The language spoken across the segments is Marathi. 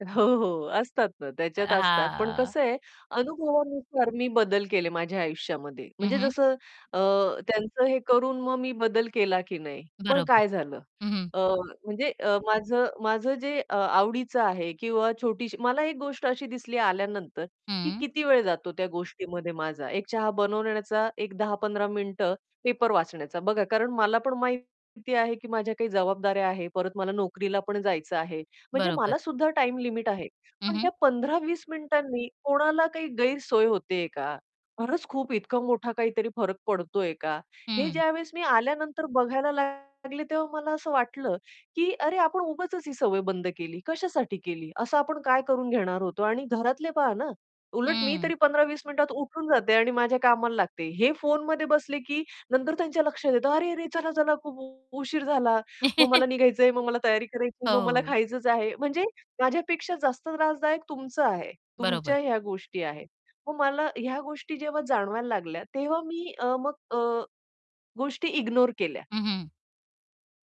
अ, हो, हो, असतात ना, अ, त्याच्यात असतात. पण हां. कसं आहे? अनुभवानुसार मी बदल केले माझ्या आयुष्यामध्ये हं, म्हणजे हं. जसं अ, त्यांचं हे करून मग मी बदल केला की नाही? पण बरोबर. काय झालं? हं, हं. अ, म्हणजे अ, माझं माझं जे अ, आवडीचं आहे किंवा छोटीशी मला एक गोष्ट अशी दिसली आल्यानंतर, की हं. किती वेळ जातो त्या गोष्टीमध्ये माझा एक चहा बनवून येण्याचा एक 10-15 मिनिट पेपर वाचण्याचा. बघा, कारण मला पण माहिती आहे, की माझ्या काही जबाबदाऱ्या आहेत. परत मला नोकरीला पण जायचं आहे म्हणजे बरोबर. मला सुद्धा टाईम लिमिट आहे. हं, पण हं. त्या 15-20 मिनिटांनी कोणाला काही गैरसोय होतेय का? खरंच खूप इतका मोठा काहीतरी फरक पडतोय का? हे हं. ज्यावेळेस मी आल्यानंतर बघायला लागले तेव्हा मला असं वाटलं, की "अरे, आपण उगाचच ही सवय बंद केली. कशासाठी केली? असं आपण काय करून घेणार होतो?" आणि घरातले पहा ना, उलट मी तरी हं. 15-20 मिनिटात उठून जाते आणि माझ्या कामाला लागते. हे फोनमध्ये बसले की नंतर त्यांच्या लक्षात येतं, "अरे, अरे, चला, चला, खूप उशीर झाला. मग मला निघायचंय, मग मला तयारी करायची, मग मला हो. खायचंच आहे." म्हणजे माझ्यापेक्षा जास्त त्रासदायक तुमचं आहे, तुमच्या बरोबर. ह्या गोष्टी आहेत. मग मला ह्या गोष्टी जेव्हा जाणवायला लागल्या, तेव्हा मी अ, मग अ, गोष्टी इग्नोर केल्या. हं, हं.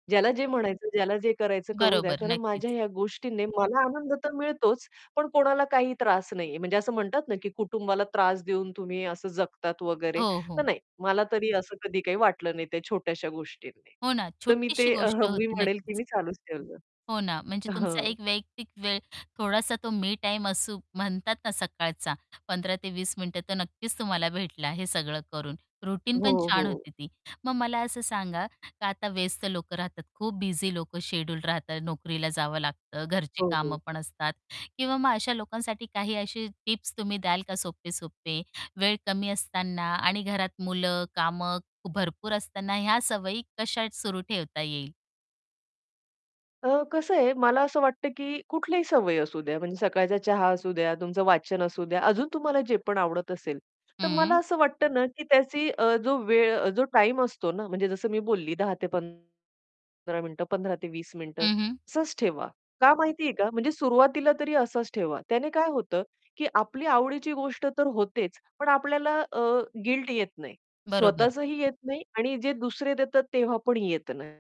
ज्याला जे म्हणायचं, ज्याला जे करायचं, करू द्या. बरोबर, कारण नक्कीच. माझ्या ह्या गोष्टीने मला आनंद तर मिळतोच. पण कोणाला काही त्रास नाहीये म्हणजे असं म्हणतात ना, की कुटुंबाला त्रास देऊन तुम्ही असं जगतात वगैरे. हो, तर हो. नाही मला तरी असं कधी काही वाटलं नाही त्या छोट्याश्या गोष्टींनी. हो ना. तर मी छोटीशी ते अह, गोष्ट मी होती म्हणेल की नक्कीच. मी चालूच ठेवलं. हो ना. म्हणजे अ, तुमचा हं. एक वैयक्तिक वेळ थोडासा तो मी टाईम असू म्हणतात ना सकाळचा 15 ते 20 मिनिटं तर नक्कीच तुम्हाला भेटला हे सगळं करून रूटीन पण हो, छान हो. होती ती. मग मला असं सांगा, का आता व्यस्त लोक राहतात, खूप बिझी लोक शेड्यूल राहतात. नोकरीला जावं लागतं, घरची हो, कामं हो. पण असतात किंवा मग अशा लोकांसाठी काही अशी टिप्स तुम्ही द्याल का सोपे-सोपे. वेळ कमी असताना आणि घरात मुलं कामं भरपूर असताना ह्या सवयी कशा सुरू ठेवता येईल? अ, कसं आहे, मला असं वाटतं की कुठल्याही सवय असू द्या म्हणजे सकाळचा चहा असू द्या, तुमचं वाचन असू द्या. अजून तुम्हाला जे पण आवडत असेल, तर मला हं. असं वाटतं ना, की त्याची अ, जो वेळ, जो टाईम असतो ना म्हणजे जसं मी बोलली 10 ते पंधरा मिनिट, 15 ते 20 मिनिट हं, हं. असंच ठेवा, का माहितीये का? म्हणजे सुरुवातीला तरी असंच ठेवा. त्याने काय होतं, की आपली आवडीची गोष्ट तर होतेच, पण आपल्याला अ, गिल्ट येत नाही. बरोबर. स्वतःचही येत नाही आणि जे दुसरे देतात तेव्हा पण येत नाही.